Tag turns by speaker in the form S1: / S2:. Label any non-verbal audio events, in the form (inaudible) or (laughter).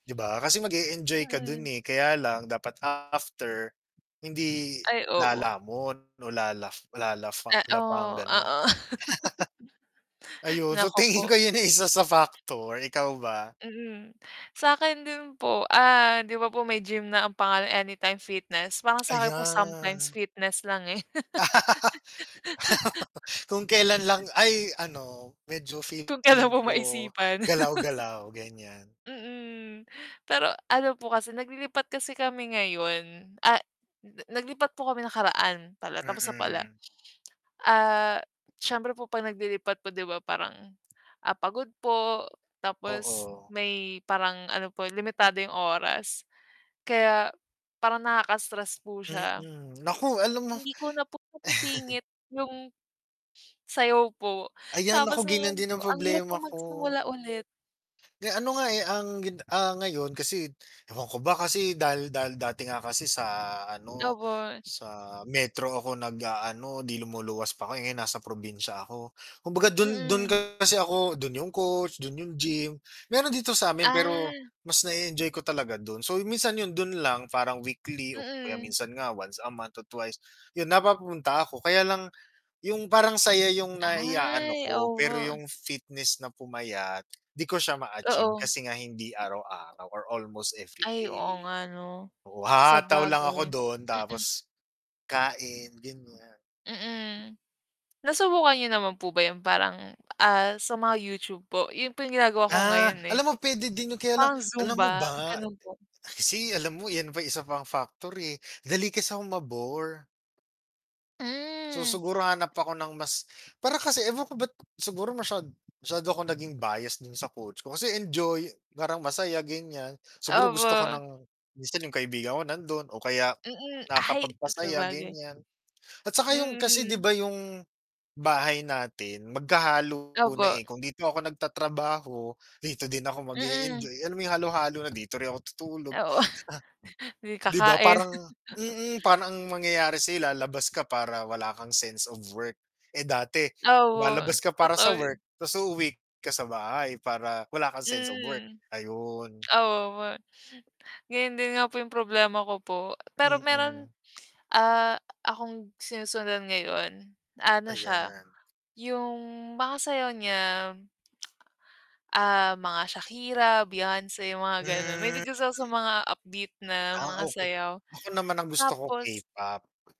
S1: 'Di ba? Kasi mag-e-enjoy ka do'n,
S2: Mm.
S1: eh, kaya lang dapat after, hindi
S2: Ay, opo.
S1: lalamon o lalaf lalafa
S2: Eh, o,
S1: lapang gano'n.
S2: oo.
S1: (laughs) Ayun, so
S2: Naku
S1: tingin ko
S2: po.
S1: 'yun ay isa sa factor, ikaw ba?
S2: Mm. Sa akin din po, ah, 'di ba po may gym na ang pangalan Anytime Fitness, parang
S1: Ah,
S2: sa'kin po sometimes
S1: yeah.
S2: fitness lang, eh. (laughs)
S1: (laughs) Kung kailan lang ay ano, medyo
S2: Kung kailan
S1: feeling
S2: po
S1: ko
S2: maisipan. (chuckles)
S1: galaw-galaw, ganiyan.
S2: Mm, pero ano po kasi naglilipat kasi kami ngayon. Ah na naglipat po kami nakaraan pala, tapos na pala.
S1: Mm.
S2: Ah, siyempre po 'pag naglilipat po 'di ba parang, ah, pagod po, tapos
S1: Oo.
S2: may parang ano po limitado yung oras, kaya parang nakaka-stress po siya.
S1: Mm, naku alam mo
S2: Hindi ko na po
S1: (chuckles)
S2: nasisingit yung, sayaw po.
S1: Ayan,
S2: Tapos
S1: naku ganiyan
S2: ngayon
S1: din
S2: po
S1: ang
S2: ang hirap po
S1: problema ko.
S2: magsimula, ulit.
S1: Eh, ano nga, eh, ang gin ah, ngayon kasi ewan ko ba kasi dahil dahil dati nga kasi sa ano,
S2: Opo.
S1: sa Metro ako nag-aano 'di lumuluwas pa 'ko, eh, ngayon nasa probinsya ako. Kumbaga do'n do'n
S2: Mm.
S1: kasi ako do'n yung coach, do'n yung gym. Mayro'n dito sa'min pero,
S2: Ah.
S1: mas na-e-enjoy ko talaga do'n. So, yun minsan 'yun do'n lang parang weekly o kaya
S2: Mm.
S1: minsan nga once a month or twice, 'yun napapunta ako. Kaya lang, yung parang saya yung naiaano
S2: Ay,
S1: ko pero
S2: opo.
S1: yung fitness na pumayat 'di ko siya ma-achieve
S2: Oo.
S1: kasi nga hindi araw-araw or almost
S2: Ay, oo
S1: everyday.
S2: nga 'no.
S1: Oo, hahataw lang ako
S2: Sabagay,
S1: do'n
S2: mm.
S1: tapos, kain ganiyan.
S2: Mm. Nasubukan niyo naman po ba yan parang, ah, sa mga YouTube po yung po yung ginagawa ko
S1: Ah,
S2: ngayon, eh.
S1: alam mo puwede din 'yun kaya lang,
S2: Parang
S1: alam mo
S2: Zumba
S1: ba,
S2: gano'n
S1: eh,
S2: po.
S1: kasi alam mo yan pa yung isa pang factor, eh, dali kasi akong ma-bore. So,
S2: Hmm.
S1: siguro hanap ako ng mas para kasi ewan ko ba ba't siguro masyad masyado ako naging bias do'n sa coach ko kasi enjoy, parang masaya ganiyan. Siguro gusto ko
S2: Opo.
S1: ng minsan yung kaibigan ko nando'n o kaya
S2: Mm, ay
S1: nakakapagpasaya
S2: sabagay.
S1: ganiyan. At saka yung kasi 'di
S2: Mm.
S1: ba yung, bahay natin magkahalo na,
S2: Opo.
S1: eh, kung dito ako nagtatrabaho, dito din ako
S2: Mm.
S1: mag-e-enjoy alam mo yung halo-halo na. Dito rin ako tutulog. Ah.
S2: Oo. (snorts) Hindi
S1: 'Di ba
S2: kakain.
S1: parang
S2: (chuckles)
S1: mm, parang ang mangyayari sa'yo labas ka para wala kang sense of work. Eh, dati
S2: Opo,
S1: lumalabas ka para sa
S2: totoo 'yun.
S1: work ta's uuwi ka sa bahay para wala kang sense of work,
S2: Mm.
S1: ayun.
S2: Opo. Ganyan din nga po yung problema ko po. Pero mayro'n,
S1: Mm.
S2: ah, akong sinusundan ngayon, ano siya,
S1: Ayan.
S2: yung mga sayaw niya, ah, mga Shakira, Beyonce, mga gano'n.
S1: Hmm.
S2: Mahilig kasi ako sa mga upbeat na
S1: Ah,
S2: mga
S1: okey.
S2: sayaw.
S1: Ako naman ang gusto ko
S2: Tapos
S1: K-pop.